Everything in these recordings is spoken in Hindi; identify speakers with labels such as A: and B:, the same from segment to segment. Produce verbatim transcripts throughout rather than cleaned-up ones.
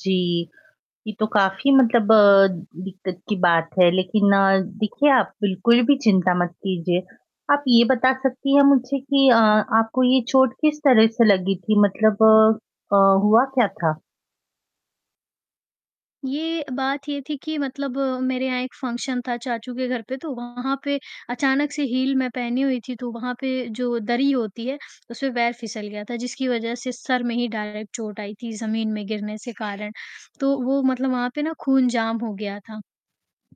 A: जी, ये तो काफ़ी मतलब अ, दिक्कत की बात है। लेकिन अ, देखिए आप बिल्कुल भी चिंता मत कीजिए, आप ये बता सकती हैं मुझे कि अ, आपको ये चोट किस तरह से लगी थी मतलब अ अ, हुआ क्या था?
B: ये बात ये थी कि मतलब मेरे यहाँ एक फंक्शन था चाचू के घर पे तो वहाँ पे अचानक से हील मैं पहनी हुई थी, तो वहाँ पे जो दरी होती है उसमें पैर फिसल गया था जिसकी वजह से सर में ही डायरेक्ट चोट आई थी ज़मीन में गिरने से कारण। तो वो मतलब वहाँ पे ना खून जाम हो गया था,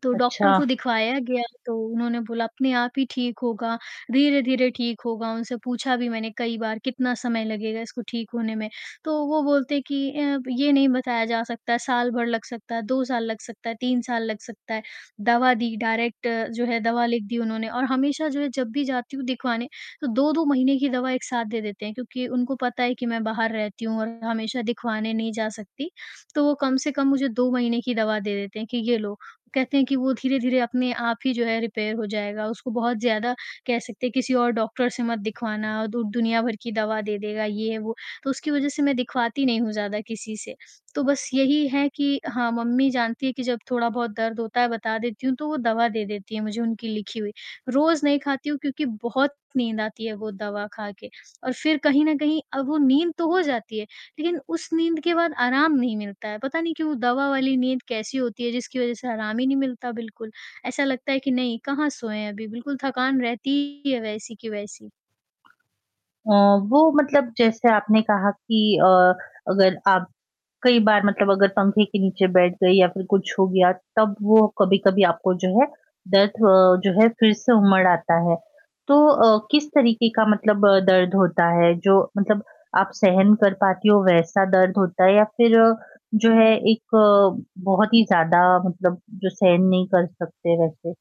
B: तो डॉक्टर को
A: अच्छा।
B: दिखवाया गया तो उन्होंने बोला अपने आप ही ठीक होगा, धीरे-धीरे ठीक होगा। उनसे पूछा भी मैंने कई बार कितना समय लगेगा इसको ठीक होने में? तो वो बोलते कि अ, "ये नहीं बताया जा सकता है साल भर लग सकता है, दो साल लग सकता है, तीन साल लग सकता है।" दवा दी डायरेक्ट जो है दवा लिख दी उन्होंने और हमेशा जो है जब भी जाती हूँ दिखवाने तो दो दो महीने की दवा एक साथ देते हैं, क्योंकि उनको पता है कि मैं बाहर रहती हूँ और हमेशा दिखवाने नहीं जा सकती। तो वो कम से कम मुझे दो महीने की दवा दे देते हैं कि ये लो, कहते हैं कि वो धीरे-धीरे अपने आप ही जो है रिपेयर हो जाएगा। उसको बहुत ज़्यादा कह सकते हैं किसी और डॉक्टर से मत दिखवाना दु दुनिया भर की दवा दे देगा, ये वो, तो उसकी वजह से मैं दिखवाती नहीं हूँ ज़्यादा किसी से। तो बस यही है कि हाँ, मम्मी जानती है कि जब थोड़ा-बहुत दर्द होता है बता देती हूँ, तो वो दवा दे देती हैं मुझे, उनकी लिखी हुई रोज़ नहीं खाती हूँ क्योंकि बहुत नींद आती है वो दवा खा के और फ़िर कहीं न कहीं अब वो नींद तो हो जाती है, लेकिन उस नींद के बाद आराम नहीं मिलता है। पता नहीं क्यों वो दवा वाली नींद कैसी होती है, जिसकी वजह से आराम ही नहीं मिलता बिल्कुल। ऐसा लगता है कि नहीं कहाँ सोए हैं अभी बिल्कुल थकान रहती है वैसी की वैसी।
A: अ, वो मतलब जैसे आपने कहा कि अ, अगर आप कई बार मतलब अगर पंखे के नीचे बैठ गई या फ़िर कुछ हो गया। तब वो कभी-कभी आपको जो है दर्द ह जो है फ़िर से उमड़ आता है। तो अ, किस तरीके का मतलब अ, दर्द होता है जो मतलब आप सहन कर पाती हो वैसा दर्द होता है? या फ़िर अ, जो है एक अ, बहुत ही ज़्यादा मतलब जो सहन नहीं कर सकते वैसे?